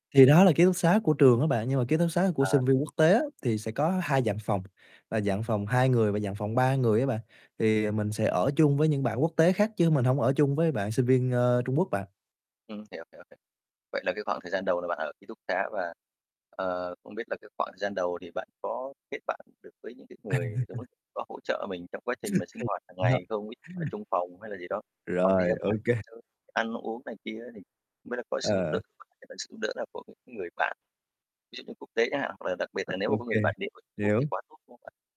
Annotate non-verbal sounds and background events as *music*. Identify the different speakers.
Speaker 1: Thì đó là ký túc xá của trường á bạn. Nhưng mà ký túc xá của
Speaker 2: À.
Speaker 1: sinh viên quốc tế á, thì sẽ có 2 dạng phòng, và dạng phòng 2 người và dạng phòng 3 người á bạn. Thì mình sẽ ở chung với những bạn quốc tế khác chứ mình hông ở chung với bạn sinh viên, ờ, Trung Quốc bạn.
Speaker 2: Ừm, hiểu, hiểu, hiểu. Vậy là cái khoảng thời gian đầu là bạn ở ký túc xá. Và, ờ, không biết là cái khoảng thời gian đầu thì bạn có kết bạn được với những cái người Trung Quốc,
Speaker 1: *laughs*
Speaker 2: có hỗ trợ mình trong quá trình mà sinh
Speaker 1: *laughs*
Speaker 2: hoạt hàng ngày
Speaker 1: *unintelligible*
Speaker 2: không? Ví ở chung phòng hay là gì đó, hoặc đi
Speaker 1: Rồi,
Speaker 2: ra
Speaker 1: ô
Speaker 2: ngoài
Speaker 1: kê.
Speaker 2: chơi, ăn uống này kia á, thì không biết là có sự giúp đỡ
Speaker 1: À.
Speaker 2: *unintelligible* sự giúp đỡ nào của, ừm, những người bạn, ví dụ như quốc tế chẳng hạn? Hoặc là đặc biệt
Speaker 1: Ờ,
Speaker 2: là nếu
Speaker 1: ô
Speaker 2: mà có
Speaker 1: kê,
Speaker 2: người bản địa người Trung Quốc thì
Speaker 1: hiểu.
Speaker 2: quá tốt, đúng không bạn?